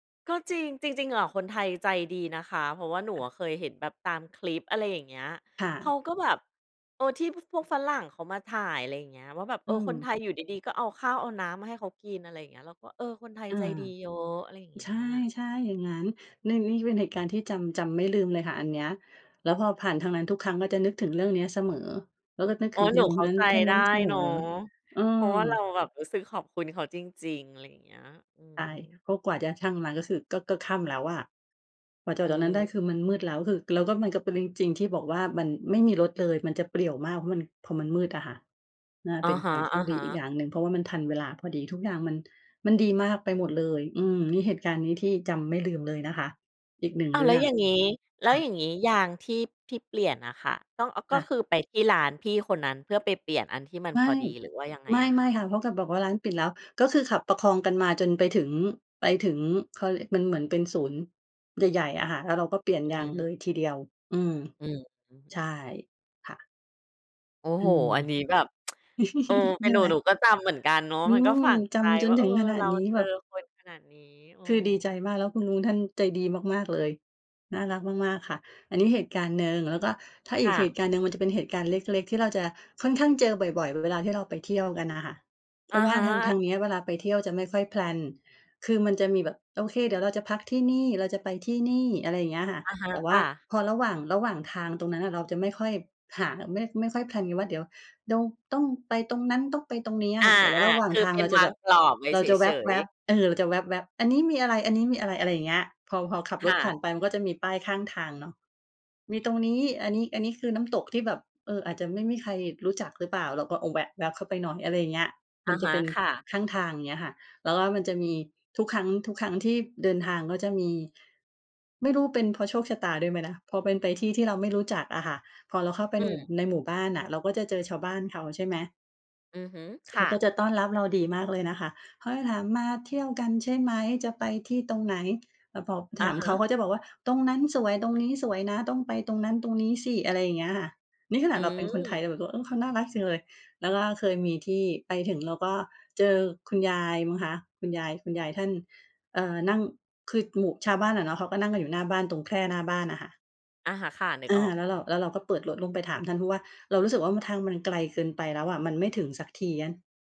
ก็จริง จริง ๆ อะคนไทยใจดีนะคะ เพราะว่าหนูค่อะ ะเคยเห็นแบบตามคลิป อะไรอย่างเงี้ย ค่เขาะ ก็แบบ เออ ที่พวกฝรั่งเขามาถ่าย อะไรอย่างเงี้ย ว่าแบบ เออือ คนม ไทยอยู่ดี ๆ ก็เอาข้าวเอาน้ำมาให้เขากิน อะไรอย่างเงี้ย แล้วก็ เออ คนไทยอา ใจดีเยอะ อะไรอย่างเงีใ้ชย ่ ใช่ อย่างงั้น นี่ นี่เป็นเหตุการณ์ที่จำ จำไม่ลืมเลยค่ะอันเนี้ย แล้วพอผ่านทางนั้นทุกครั้งก็จะนึกถึงเรื่องเนี้ยเสมอ แล้วก็นึกอ๋ถอ ึงคุหนณูลุงเคข้นานั้น ใจท่านไนดั้้นเสมเนอ าะ อืเพราะว่าเราม แบบรู้สึกขอบคุณเขาจริง ๆ อะไรอย่างเงี้ย อืใช่ ม เพราะกว่าจะช่างมาก็คือก็ ก็ค่ำแล้วอะ กว่าจะออือกจากตรงนั้นไดม ้คือมันมืดแล้ว คือแล้วมันก็เป็นจริง ๆ ที่บอกว่ามันไม่มีรถเลย มันจะเปลี่ยวมาก เพราะมัน พอมันมืดอะค่ะ น่าอเปะ็นฮคะ วามโชคดีอีกอยๆ ่างหนึ่ง เพราะว่ามันทันเวลาพอดี ทุกอย่างมัน มันดีมากไปหมดเลย อืม นี่เหตุการณ์นี้ที่จำไม่ลืมเลยนะคะ อีก 1 อ้าเว รแืล้่วองอย่างนี้ แลค้ว่อยะ ่างนี้ยางที่ ที่เปลี่ยนน่ะค่ะ ต้อง กค็่ะ คือไปที่ร้านพี่คนนั้นเพื่อไปเปลี่ยนอันที่มันไมพ่ อดีหรือว่ายังไงไอะคม่ ะ? ๆ ค่ะ เพราะแกบอกว่าร้านปิดแล้ว ก็คือขับประคองกันมาจนไปถึง ไปถึง เขาเรียกมันเหมือนเป็นศูนย์ใหญ่ ๆ อะค่ะ แล้วเราก็เปลี่ยนยอืางเม ลยทีเดียว อืม อืม อือฮใช่ึ ค่ะ โอ้อืโฮ ม อันนี้แบบ เออ เปใ็ชน่หนู ไหม หนูก็จำเหมือนกันเนาะ อืมันก็ม ฝังจใจำจวน่า ถเอึอ งขนาเรดานี้เจแบอบ คนขนาดนี้ เอคือดีใจอ มาก แล้วคุณลุงท่านใจดีมาก ๆ เลย น่ารักมาก ๆ ค่ะ อันนี้เหตุการณ์หนึ่ง แล้วก็ถ้าคอี่กเหะ ตุการณ์หนึ่ง มันจะเป็นเหตุการณ์เล็ก ๆ ที่เราจะค่อนข้างเจอบ่อย ๆ เวลาที่เราไปเที่ยวกันน่ะค่ะ เพอราะะว่าฮทาง ทะ างเนี้ยเวลาไปเที่ยวจะไม่ค่อย แพลน คือมันจะมีแบบ โอเค เดี๋ยวเราจะพักที่นี่ เราจะไปที่นี่ อะไรอย่างเงี้ยค่ะ อะฮะ แต่วค่า่ะ พอระหว่าง ระหว่างทางตรงนั้นเราจะไม่ค่อยหา ไม่ ไม่ค่อย แพลน กันว่า เดี๋ยวต้องไปตรงนั้นต้องไปตรงนี้ออะคา ่ะ แต่ว่าระหว่าๆ งคือทาเงป็เรนาจวะาแบงบ กรอบไว้เราเจะแวฉย ๊ๆ บ ๆ เออ เราจะแว๊บ ๆ อันนี้มีอะไร ๆ อะไรอย่างเงี้ย พอ พอขับคร่ถผ่ะ านไปมันก็จะมีป้ายข้างทางเนาะ มีตรงนี้ อันนี้ อันนี้คือน้ำตกที่แบบ เออ อาจจะไม่มีใครรู้จักหรือเปล่า เราก็แวะแว๊บเข้าไปหน่อย อะไรอย่างเงี้ย มอันะจฮะเะ ป็นค่ะ ข้างทาง เงี้ยค่ะ แล้วก็มันจะมีทุกครั้ง ทุกครั้งที่เดินทางก็จะมี ไม่รู้เป็นเพราะโชคชะตาด้วยไหมนะ พอเป็นไปที่ ที่เราไม่รู้จักอะค่ะ พอเราเข้าไปอืม ในหมู่บ้านอะ เราก็จะเจอชาวบ้านเขาใช่ไหม อือฮึ คเข่าะ ก็จะต้อนรับเราดีมากเลยนะคะ เขาจะถาม "มาเที่ยวกันใช่ไหม จะไปที่ตรงไหน" แล้วพออถะามฮเขา ะ เขาจะบอกว่า "ตรงนั้นสวย ตรงนี้สวยนะ ต้องไปตรงนั้นตรงนี้สิ" อะไรอย่างเงี้ยค่ะ นี่ขนอืาดเราเป็นคนไทยม เราแบบ เออ เขาน่ารักจังเลย แล้วก็เคยมีที่ไปถึงแล้วก็เจอคุณยายมั้งคะ คุณยาย คุณยายท่าน เอ่อ นั่ง คือหมู่ชาวบ้านอะเนาะ เขาก็นั่งกันอยู่หน้าบ้านตรงแคร่หน้าบ้านน่ะค่ะ อะฮะ ค่ะ นึกอา ออก แล้วอเืรา ม แล้วเราก็เปิดรถลงไปถามท่าน เพราะว่าเรารู้สึกว่าทางมันไกลเกินไปแล้วอะ มันไม่ถึงสักที เงี้ย